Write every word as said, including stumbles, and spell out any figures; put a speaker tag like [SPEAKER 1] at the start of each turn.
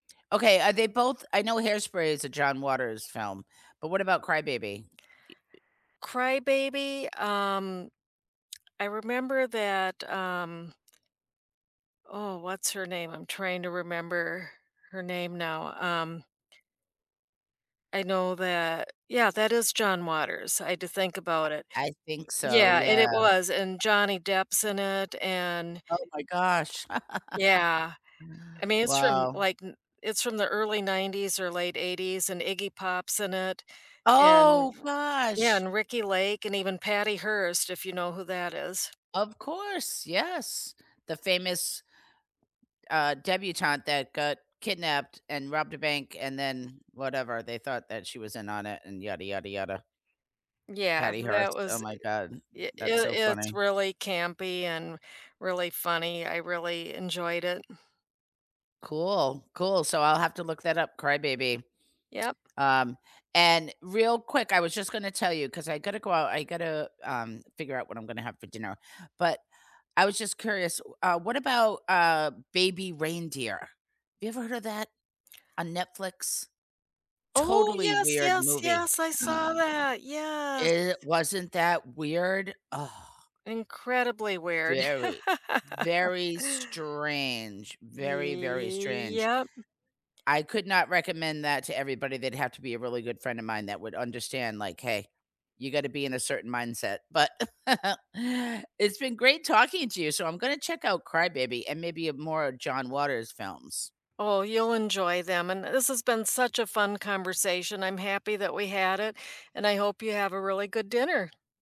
[SPEAKER 1] Okay, are they both I know Hairspray is a John Waters film, but what about Cry-Baby? E uh
[SPEAKER 2] Cry-Baby? Um, I remember that, um Oh, what's her name? I'm trying to remember her name now. Um I know that Yeah, that is John Waters. I had to think
[SPEAKER 1] I
[SPEAKER 2] about it.
[SPEAKER 1] I think so,
[SPEAKER 2] Yeah, and
[SPEAKER 1] yeah.
[SPEAKER 2] it was, and Johnny Depp's in it, and
[SPEAKER 1] Oh my gosh.
[SPEAKER 2] Yeah. I mean, it's from n
[SPEAKER 1] Wow.
[SPEAKER 2] like, n it's from the early nineties, or late eighties, and Iggy Pop's in it, and
[SPEAKER 1] Oh,
[SPEAKER 2] f Yeah,
[SPEAKER 1] gosh!
[SPEAKER 2] and Ricki Lake, and even Patty Hearst, if you know who that is.
[SPEAKER 1] Of course, yes. The famous uh, debutante that got kidnapped, and robbed a bank, and then, whatever. They thought that she was in on it, and yada, yada, yada.
[SPEAKER 2] Yeah,
[SPEAKER 1] Patty
[SPEAKER 2] that
[SPEAKER 1] Hearst, oh
[SPEAKER 2] was, i
[SPEAKER 1] my God.
[SPEAKER 2] y
[SPEAKER 1] That's
[SPEAKER 2] it
[SPEAKER 1] so
[SPEAKER 2] it's
[SPEAKER 1] funny.
[SPEAKER 2] really campy, and really funny, I really enjoyed it.
[SPEAKER 1] Cool. Cool, so I'll have to look that up, Cry-Baby.
[SPEAKER 2] Yep.
[SPEAKER 1] Um, and real quick, I was just gonna tell you, 'cause I gotta go out, I gotta, um, figure out what I'm gonna have for dinner. But, I was just curious, w uh, what about, uh, Baby Reindeer? Have you ever heard of that on Netflix?
[SPEAKER 2] Oh,
[SPEAKER 1] Totally
[SPEAKER 2] yes,
[SPEAKER 1] weird
[SPEAKER 2] yes,
[SPEAKER 1] movie.
[SPEAKER 2] yes, I saw that, yes.
[SPEAKER 1] It wasn't that weird? Ugh.
[SPEAKER 2] Incredibly weird.
[SPEAKER 1] Very, very strange. Very, very strange.
[SPEAKER 2] Yep.
[SPEAKER 1] I could not recommend that to everybody, they'd have to be a really good friend of mine that would understand, like, "Hey. You gotta be in a certain mindset," but it's been great talking to you, so I'm gonna check out Cry-Baby, and maybe, uh, more of John Waters' films.
[SPEAKER 2] Oh, you'll enjoy them, and th this has been such a fun conversation, I'm happy that we had it, and I hope you have a really good dinner.